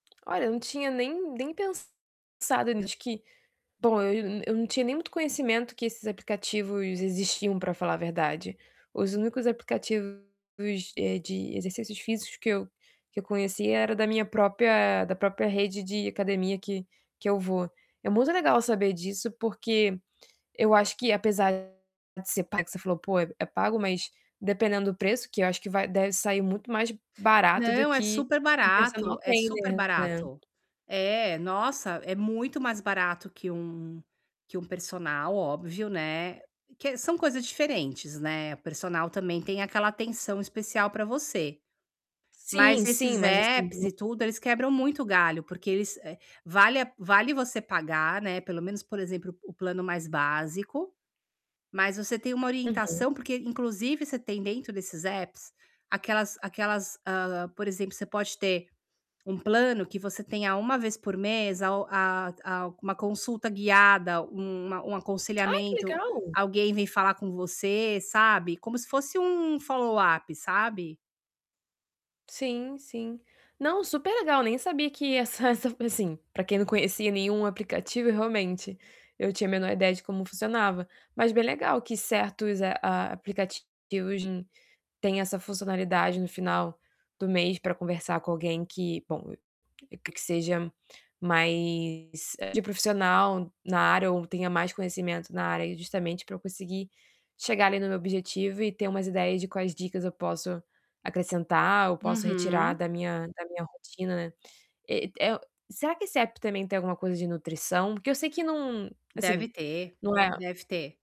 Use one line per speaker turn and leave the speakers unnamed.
Olha, eu não tinha nem nem pensado na acho que bom, eu eu não tinha nem muito conhecimento que esses aplicativos existiam, pra falar a verdade. Os únicos aplicativos, eh, de exercícios físicos que eu que eu conhecia era da minha própria da própria rede de academia que que eu vou. É muito legal saber disso, porque eu acho que apesar de ser pag que você falou: "Pô, é pago", mas dependendo do preço, que eu acho que vai deve sair muito mais barato do
Não, é
que
super
um personal
barato, é super
trainer, né?
barato. É, nossa, é muito mais barato que um que um personal, óbvio, né. Que são coisas diferentes, né, o personal também tem aquela atenção especial pra você.
Sim,
Mas
sim,
esses
mas assim
apps e
no
tudo, eles quebram muito o galho, porque eles, eh, vale a vale você pagar, né, pelo menos, por exemplo, o plano mais básico, mas você tem uma
Uhum.
orientação, porque inclusive você tem dentro desses apps aquelas aquelas, hã, por exemplo, você pode ter um plano que você tenha 1 vez por mês a o a a uma consulta guiada, uma um
Ai, que
aconselhamento,
legal!
alguém vem falar com você, sabe, como se fosse um follow up, sabe.
Sim, sim. Não, superlegal, nem sabia que essa essa pra, assim, pra quem não conhecia nenhum aplicativo, realmente eu tinha a menor ideia de como funcionava, mas bem legal que certos, ah, a aplicativos de hoje em têm essa funcionalidade no final do mês pra conversar com alguém que, bom, que seja mais de profissional na área ou tenha mais conhecimento na área, justamente pra eu conseguir chegar ali no meu objetivo e ter umas ideias de quais dicas eu posso acrescentar ou posso retirar
Uhum!
da minha da minha rotina, né. Eh, é o será que esse app também tem alguma coisa de nutrição? Porque eu sei que num,
Deve
assim,
ter,
não é.
deve ter.